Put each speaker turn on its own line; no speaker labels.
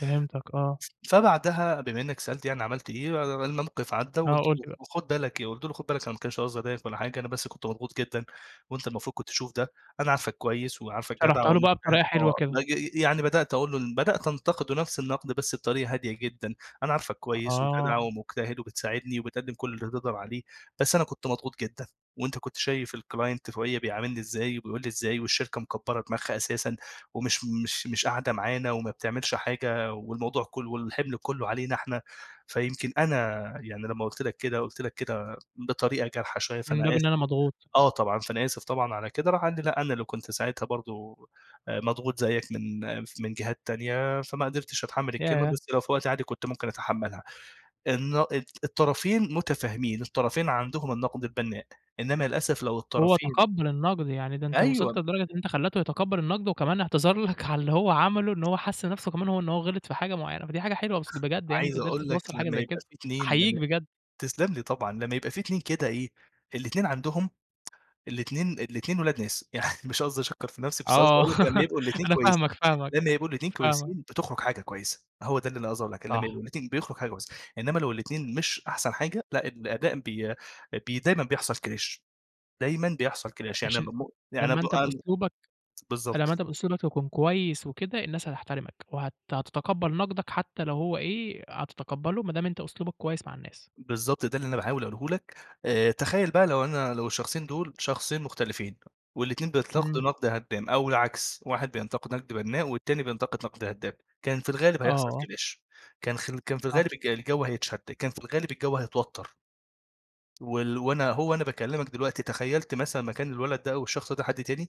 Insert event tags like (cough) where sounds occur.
فهمتك آه.
ف فبعدها بما إنّك سألت يعني عملت إيه، آآ الموقف عدّى
آه،
وقُلت
قُل لي بقى.
وخد بالك إيه، قُلت له: "خُد بالك أنا ما كانش قصدي أضايقك ولا حاجة، أنا بس كنت مضغوط جدًا وأنت المفروض كنت تشوف ده، أنا عارفك كويس وعارفك جدع
شرحتها له بقى
ومجتهد."
بطريقة حلوة
آه.
كده.
نج ي يعني بدأت أقول له إن بدأت أنتًقدُه نفس النُقد بس بطريقة هادية جدًا. "أنا عارفك
أ
كويس
آه.
وجدع ومجتهد وبتساعدني وبتقدِّم كل اللي تقدر عليه، بس أنا كنت مضغوط جدًا وأنت كنت شايف الclient فوقيِّا بيعاملني إزاي وبيقول لي إزاي، والشركة مكبّرة دماغها أساسًا ومش مش مش قاعدة معانا وما بتعملش حاجة والموضوع كُلّه والحِمل كُلّه علينا إحنا، فيمكن أنا يعني لمّا قُلت لك كده، قُلت لك كده بطريقة جارحة شوية
من
فأنا
باب إن
آسف"
أنا مضغوط.
آه طبعًا. فأنا آسف طبعًا على كده. راح قال لي: "لأ أنا اللي كنت ساعتها برضه آآ مضغوط زيّك من من جهات تانية، فما قدرتش أتحمِّل الكلمة
ياه!
بس لو في وقت عادي كنت ممكن أتحمّلها." الن الطرفين مُتفاهمين، الطرفين عندهم النَقد البنّاء، إنّما للأسف لو
وهو
الطرفين
تقبَّل النَقد. يعني ده أنت
أيوه.
وصلت لدرجة إن أنت خلّيته يتقبَّل النَقد وكمان اعتذر لك على اللي هو عمله، إن هو حِس نفسه كمان هو إن هو غِلط في حاجة معيّنة. فدي حاجة حلوة بس بجد يعني إن أنت
عايز
قدرت
أقول لك
توصّل حاجة
لمّا
زي
يبقى
كده،
في اتنين
أحيّيك
لمّا
بجد.
تسلّم لي طبعًا، لمّا يبقى في اتنين كده إيه، الاتنين عندهم الاتنين الاتنين ولاد ناس. يعني مش قصدي أشكَّر في نفسي بس قصدي
آه.
أقول لك لمّا
(chuckles)
يبقوا الاتنين
أنا
كويسي
فاهمك، فاهمك.
لمّا يبقوا الاتنين
فاهمك.
كويسين، بتخرج حاجة كويسة. هو ده اللي أنا قصدي أقول لك، إنّما لمّا
صح.
يبقوا الاتنين بيخرج حاجة كويسة. إنّما لو الاتنين مش أحسن حاجة لأ، الأداء بي أ بي ديمًا بيحصل clash. دايمًا بيحصل
أ
clash. يعني اب
عشان
م يعني اب
لمّا أنت
ام
بأسلوبك فلمّا
بالضبط.
أنت بأسلوبك تكون كويس وكده، الناس هتحترمك وهت هتتقبَّل نَقدَك حتّى لو هو إيه هتتقبَّله ما دام أنت أسلوبك كويس مع الناس.
بالضبط، ده اللي أنا باحاول أقوله لك. آآ تخيّل بقى لو أنا لو الشخصين دول، شخصين مختلفين والاتنين بيتنقدوا
إمم.
نَقْد هدّام أو العكس، واحد بينتقد نَقْد بنّاء والتاني بينتقد نَقْد هدّام، كان في الغالب هيحصل
آه.
clash. كان خل كان في الغالب
صح.
الج الجَو هيتشد، كان في الغالب الجَو هيتوتَّر. وال وأنا أهو وأنا باكلّمك دلوقتي، تخيّلت مثلًا مكان الولد ده أو الشخص ده حد تاني.